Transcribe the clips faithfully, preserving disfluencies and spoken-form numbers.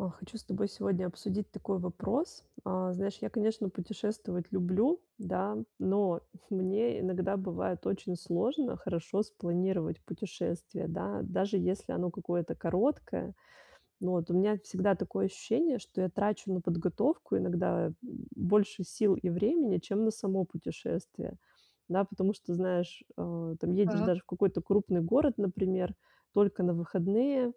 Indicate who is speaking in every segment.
Speaker 1: О, хочу с тобой сегодня обсудить такой вопрос. А, знаешь, я, конечно, путешествовать люблю, да, но мне иногда бывает очень сложно хорошо спланировать путешествие, да, даже если оно какое-то короткое. Вот у меня всегда такое ощущение, что я трачу на подготовку иногда, м, больше сил и времени, чем на само путешествие, да. Потому что, знаешь, а, там едешь
Speaker 2: Так.
Speaker 1: даже в какой-то крупный город, например, только на выходные,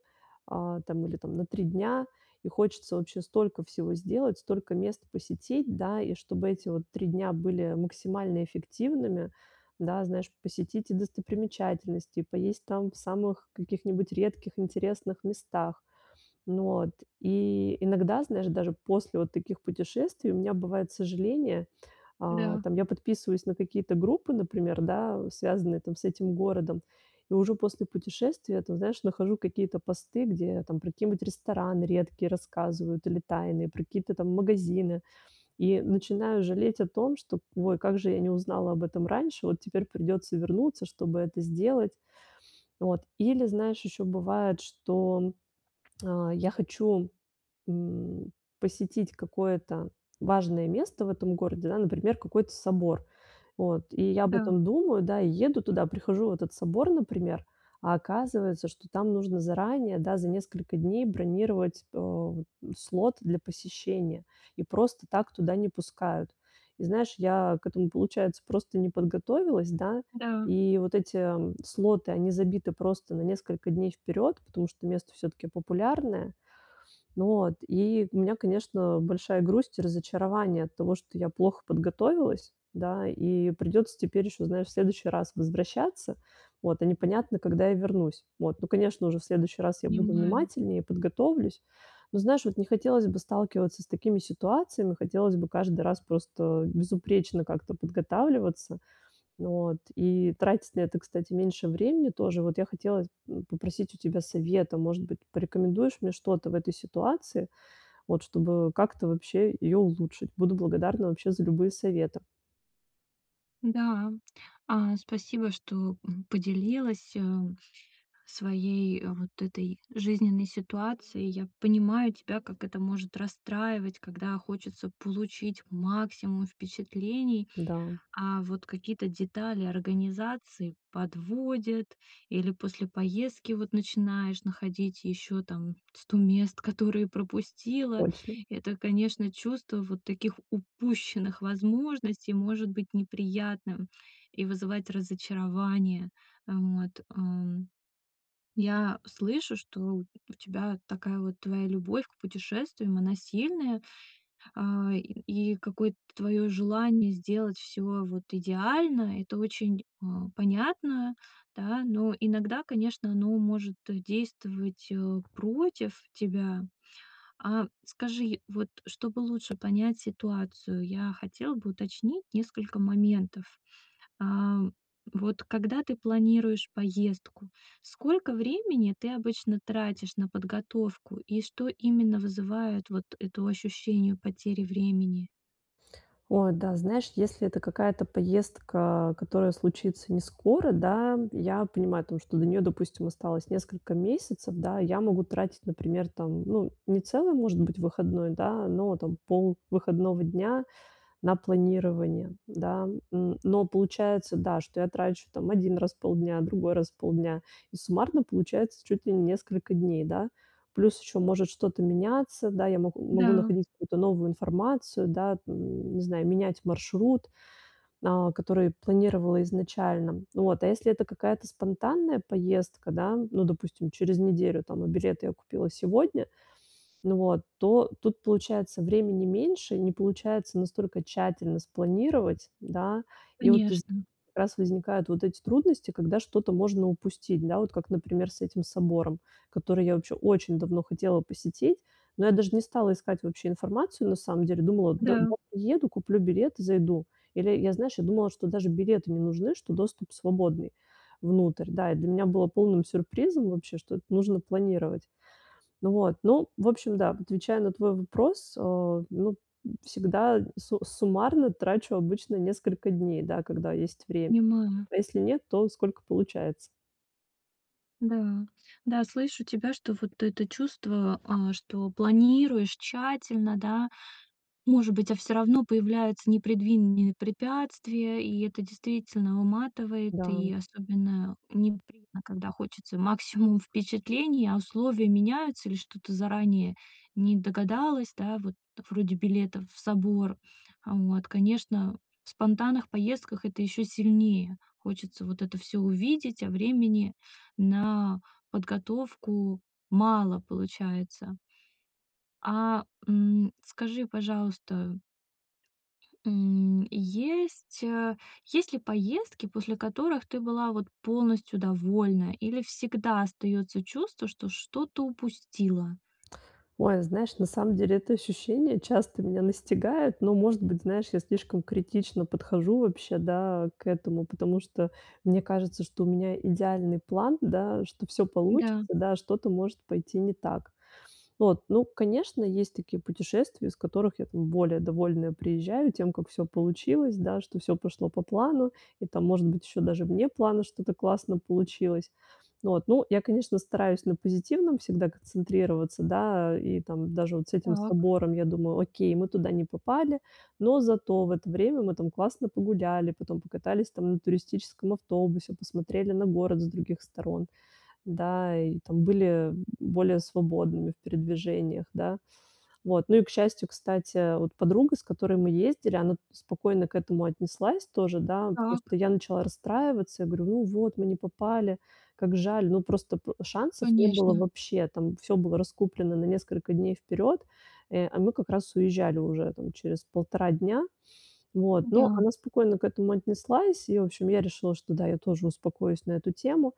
Speaker 1: а, там, или, там, на три дня и хочется вообще столько всего сделать, столько мест посетить, да. И чтобы эти вот три дня были максимально эффективными, да, знаешь, посетить и достопримечательности, и поесть там в самых каких-нибудь редких интересных местах. Ну, от, и, иногда, знаешь, даже после вот таких путешествий у меня бывает сожаления. А,
Speaker 2: Да.
Speaker 1: там, я подписываюсь на какие-то группы, например, да, связанные, там, с этим городом и уже после путешествия, там, знаешь, нахожу какие-то посты, где, там, про какие-нибудь рестораны редкие рассказывают или тайные, про какие-то там магазины и начинаю жалеть о том, что "ой, как же я не узнала об этом раньше, вот теперь придется вернуться, чтобы это сделать". Вот, или знаешь, еще бывает, что, а, я хочу, м, посетить какое-то важное место в этом городе, да, например, какой-то собор. Вот, и я об
Speaker 2: Да.
Speaker 1: этом думаю, да, и еду туда, прихожу в этот собор, например, а оказывается, что там нужно заранее, да, за несколько дней бронировать, э, слот для посещения и просто так туда не пускают. И знаешь, я к этому, получается, просто не подготовилась, да,
Speaker 2: Да.
Speaker 1: и вот эти, э, слоты, они забиты просто на несколько дней вперед, потому что место всё-таки популярное. Ну, от. И у меня, конечно, большая грусть и разочарование от того, что я плохо подготовилась, да, и придется теперь еще, знаешь, в следующий раз возвращаться, вот, а непонятно, когда я вернусь. Вот. Ну, конечно, уже в следующий раз я буду
Speaker 2: Понимаю.
Speaker 1: внимательнее, подготовлюсь, но, знаешь, вот не хотелось бы сталкиваться с такими ситуациями, хотелось бы каждый раз просто безупречно как-то подготавливаться, вот, и тратить на это, кстати, меньше времени тоже. Вот я хотела, м, попросить у тебя совета, может быть, порекомендуешь мне что-то в этой ситуации, вот, чтобы, э, как-то вообще её улучшить? Буду благодарна вообще за любые советы.
Speaker 2: Да. А, спасибо, что, м, поделилась, э, своей вот этой жизненной ситуацией. Я понимаю тебя, как это может расстраивать, когда хочется получить максимум впечатлений,
Speaker 1: Да.
Speaker 2: а вот какие-то детали организации подводят или после поездки, вот, начинаешь находить еще, там, сто мест, которые пропустила.
Speaker 1: Точно.
Speaker 2: Это, конечно, чувство вот таких упущенных возможностей может быть неприятным и вызывать разочарование. Вот, м. Я слышу, что у тебя такая вот твоя любовь к путешествиям, она сильная, а, и и какое-то твое желание сделать всё, вот, идеально- это очень, а, понятно. Да, но иногда, конечно, ну, может действовать, э, против тебя. А скажи, вот, чтобы лучше понять ситуацию, я хотела бы уточнить несколько моментов. А, вот когда ты планируешь поездку, сколько времени ты обычно тратишь на подготовку и что именно вызывает вот это ощущению потери времени?
Speaker 1: О да, знаешь, если это какая-то поездка, которая случится не скоро, да, я понимаю о том, что до нее, допустим, осталось несколько месяцев, да, и я могу тратить, например, там, ну, не целый, может быть, выходной, да, но, там, пол выходного дня на планирование, да. Н но получается, да, что я трачу, там, один раз в полдня, другой раз в полдня. И суммарно получается чуть ли не несколько дней, да. Плюс еще может что-то меняться. Да, я мо могу
Speaker 2: Да.
Speaker 1: находить какую-то новую информацию, да, не знаю, менять маршрут, а, который планировала изначально. Вот, а если это какая-то спонтанная поездка, да, ну, допустим, через неделю, там, а билеты я купила сегодня, вот, то тут получается времени меньше, не получается настолько тщательно спланировать, да. И вот воз
Speaker 2: Конечно.
Speaker 1: раз возникают вот эти трудности, когда что-то можно упустить, да, вот как, например, с этим собором, который я оче очень давно хотела посетить, но я даже не стала искать вообще информацию на самом деле, думала, до
Speaker 2: Да.
Speaker 1: [unintelligible] приеду, куплю билет, зайду. Или я, знаешь, я думала, что даже билеты не нужны, что доступ свободный. Внутрь. Да, и для меня было полным сюрпризом вообще, что нужно планировать. Ну вот, ну в общем да. Отвечая на твой вопрос, о, ну, н всегда су суммарно трачу обычно несколько дней, да, когда есть время.
Speaker 2: Понимаю.
Speaker 1: Если нет, то сколько получается.
Speaker 2: Да. Да, слышу тебя, что вот это чувство, а, что планируешь тщательно, да, может быть, а всё равно появляются непредвинные препятствия, и это действительно выматывает,
Speaker 1: Да.
Speaker 2: и особенно неприятно, когда хочется максимум впечатлений, а условия меняются или что-то заранее не догадалась, да, вот вроде билета в собор. А, вот, конечно, в спонтанных поездках это еще сильнее хочется вот это всё увидеть, а времени на подготовку мало получается. А, м, скажи, пожалуйста м, есть, э, есть ли поездки, после которых ты была вот полностью довольна или всегда остается чувство, что что-то упустила?
Speaker 1: Ой, знаешь, на самом деле это ощущение часто меня настигает, но, может быть, знаешь, я слишком критично подхожу вообще, да, к этому, потому что мне кажется, что у меня идеальный план, да, что всё получится,
Speaker 2: Да.
Speaker 1: да, что-то может пойти не так. Вот, ну конечно, есть такие путешествия, из которых я, там, более довольная приезжаю тем, как всё получилось, да, что всё пошло по плану и, там, может быть, еще даже вне плана что-то классно получилось. Вот, ну я, конечно, стараюсь на позитивном всегда концентрироваться, да, и там даже вот с этим
Speaker 2: Так.
Speaker 1: собором я думаю: "Окей, мы туда не попали, но зато в это время мы, там, классно погуляли, потом покатались, там, на туристическом автобусе, посмотрели на город с других сторон, да и, там, были, м, б более свободными в передвижениях, да". Вот, ну и к счастью, кстати, э, вот, подруга, с которой мы ездили, она спокойно к этому отнеслась тоже, да.
Speaker 2: Так.
Speaker 1: Просто я начала расстраиваться, я говорю: "Ну вот, мы не попали, как жаль". Ну просто п шансов не было
Speaker 2: Конечно.
Speaker 1: вообще, там всё было раскуплено на несколько дней вперед, э, а мы как раз уезжали уже, там, через полтора дня. Вот. Но
Speaker 2: Да.
Speaker 1: она спокойно к этому отнеслась, и в общем я решила, что, да, я тоже успокоюсь на эту тему.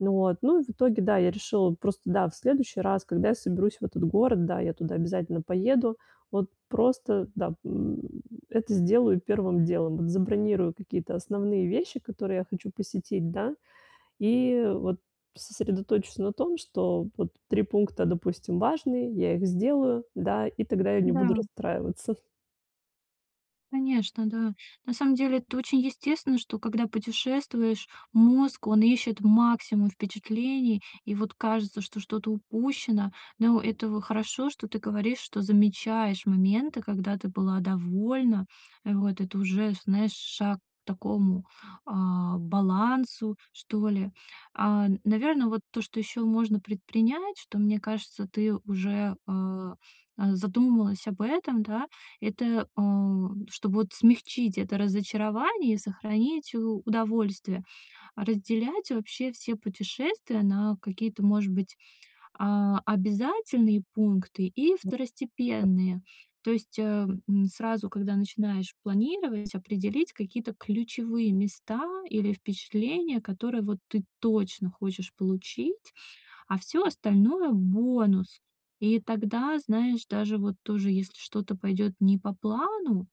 Speaker 1: Вот. Ну, от, в итоге, да, я решила просто, да, в следующий раз, когда я соберусь в этот город, да, я туда обязательно поеду, вот просто, да, м, это сделаю первым делом, забронирую какие-то основные вещи, которые я хочу посетить, да, и, вот, сосредоточусь на том что, вот, три пункта, допустим важные, я их сделаю, да, и тогда я не буду
Speaker 2: Да.
Speaker 1: расстраиваться.
Speaker 2: Конечно, да. На самом деле, это очень естественно, что когда путешествуешь, мозг, он ищет максимум впечатлений, и вот кажется, что что-то упущено. Но этово хорошо, что ты говоришь, что замечаешь моменты, когда ты была довольна, э, вот это уже, знаешь, шаг к такому, а, балансу что ли. А, наверно, вот то, что еще можно предпринять, что, мне кажется, ты уже, а, э, задумалась об этом, да. Это, а, чтобы, вот, смягчить это разочарование и сохранить у удовольствие- разделять вообще все путешествия на какие-то, может быть, а, обязательные пункты и второстепенные. То есть, эм, сразу, когда начинаешь планировать, определить какие-то ключевые места или впечатления, которые вот ты точно хочешь получить. А всё остальное- бонус. И тогда, знаешь, даже, вот тоже, если что-то пойдет не по плану,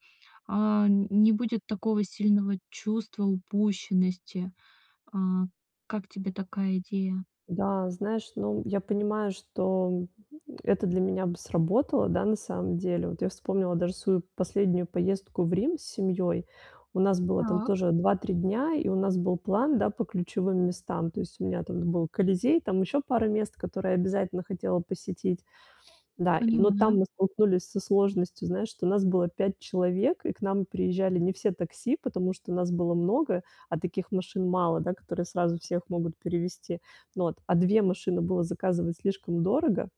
Speaker 2: а, н не будет такого сильного чувства упущенности. А. Как тебе такая идея?
Speaker 1: Да, знаешь, ну, я понимаю, что, м, это для меня бы сработало, да, на самом деле. Вот я вспомнила даже свою последнюю поездку в Рим с семьей, у нас было там
Speaker 2: Так.
Speaker 1: тоже два три дня и у нас был план, да, по ключевым местам, то есть у меня там был Колизей, там, ещё пара мест, которые обязательно хотела посетить. Да, но
Speaker 2: Понимаю.
Speaker 1: там мы столкнулись со сложностью, знаешь, что нас было пять человек, и к нам приезжали не все такси, потому что нас было много, а таких машин мало, да, которые сразу всех могут перевезти, вот. А две машины было заказывать слишком дорого,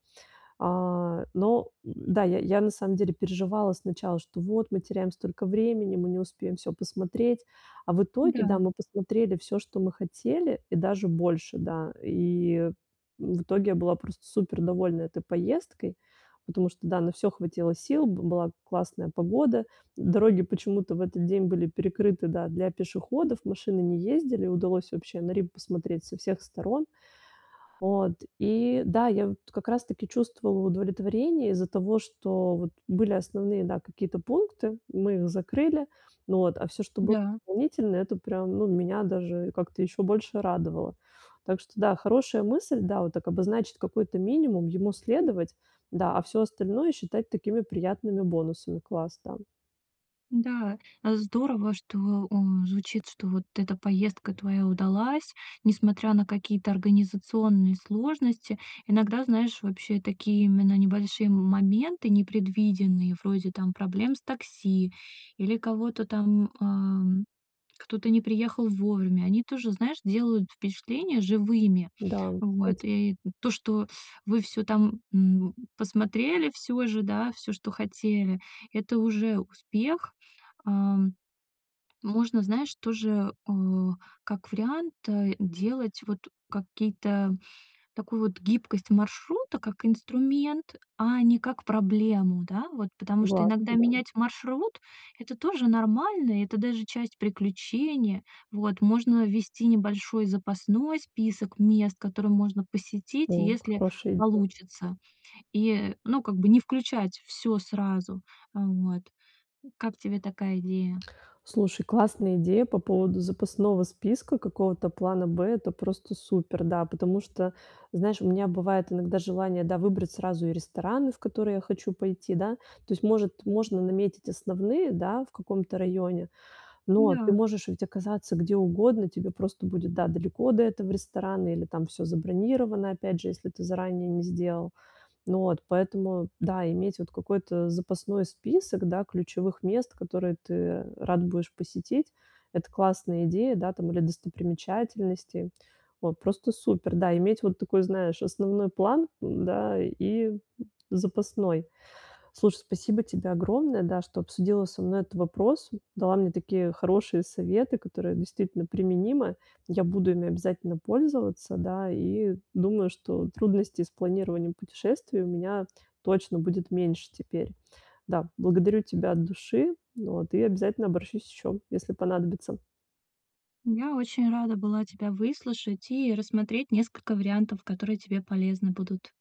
Speaker 1: а, но, да, я, я, на самом деле переживала, сначала, что "вот мы теряем столько времени, мы не успеем всё посмотреть". А в итоге, да,
Speaker 2: Да.
Speaker 1: мы посмотрели всё, что мы хотели и даже больше, да. И в итоге я была просто супер довольна этой поездкой, потому что, да, на всё хватило сил, б была классная погода, дороги почему-то в этот день были перекрыты, да, для пешеходов, машины не ездили, удалось вообще на Рим посмотреть со всех сторон. Вот. И, да, я вот как раз таки чувствовала удовлетворение из-за того, что, вот, были основные, да, какие-то пункты, мы их закрыли, вот, а всё, что было
Speaker 2: Да.
Speaker 1: дополнительно- это прям, ну, меня даже как-то еще больше радовало. Так что, да, хорошая мысль, да, вот так обозначить какой-то минимум, ему следовать, да, а всё остальное считать такими приятными бонусами. Класс, да.
Speaker 2: Да. А здорово, что он звучит, что вот эта поездка твоя удалась, несмотря на какие-то организационные сложности. Иногда, знаешь, вообще такие именно небольшие м моменты непредвиденные, вроде там проблем с такси или кого-то там, а, м, кто-то не приехал вовремя, они тоже, знаешь, делают впечатление живыми.
Speaker 1: Да,
Speaker 2: Вот.
Speaker 1: эти
Speaker 2: И то, что вы всё там, м, посмотрели всё же, да, всё, что хотели- это уже успех. А. Можно, знаешь, тоже, а, как вариант, э, делать, вот, какие-то такую вот гибкость маршрута, как инструмент, а не как проблему, да. Вот потому что
Speaker 1: Согласна,
Speaker 2: иногда
Speaker 1: да.
Speaker 2: менять маршрут- это тоже нормально и это даже часть приключения. Вот. Можно ввести небольшой запасной список мест, которые можно посетить,
Speaker 1: О,
Speaker 2: если
Speaker 1: хорошая идея.
Speaker 2: получится, и, ну, как бы, не включать всё сразу. Э, вот. Как тебе такая идея?
Speaker 1: Слушай, классная идея по поводу запасного списка, какого-то плана "Б". Это просто супер. Да, потому что, знаешь, у меня бывает иногда желание, да, выбрать сразу и рестораны, в которые я хочу пойти, да. То есть, может, можно наметить основные, да, в каком-то районе, но ты
Speaker 2: Да.
Speaker 1: можешь ведь оказаться где угодно, тебе просто будет, да, далеко до этого ресторана или там всё забронировано, опять же, если ты заранее не сделал. Ну, от, поэтому, да, иметь вот какой-то запасной список, да, ключевых мест, которые ты рад будешь посетить- это классная идея, да, там, или достопримечательности. Вот, просто супер. Да, иметь вот такой, знаешь, основной план, да, и запасной. Слушай, спасибо тебе огромное, да, что обсудила со мной этот вопрос, дала мне такие хорошие советы, которые действительно применимы, я буду ими обязательно пользоваться, да, и думаю, что трудностей с планированием путешествий у меня точно будет меньше теперь. Да. Благодарю тебя от души, вот, и обязательно обращусь ещё, если понадобится.
Speaker 2: Я очень рада была тебя выслушать и рассмотреть несколько вариантов, которые тебе полезны будут.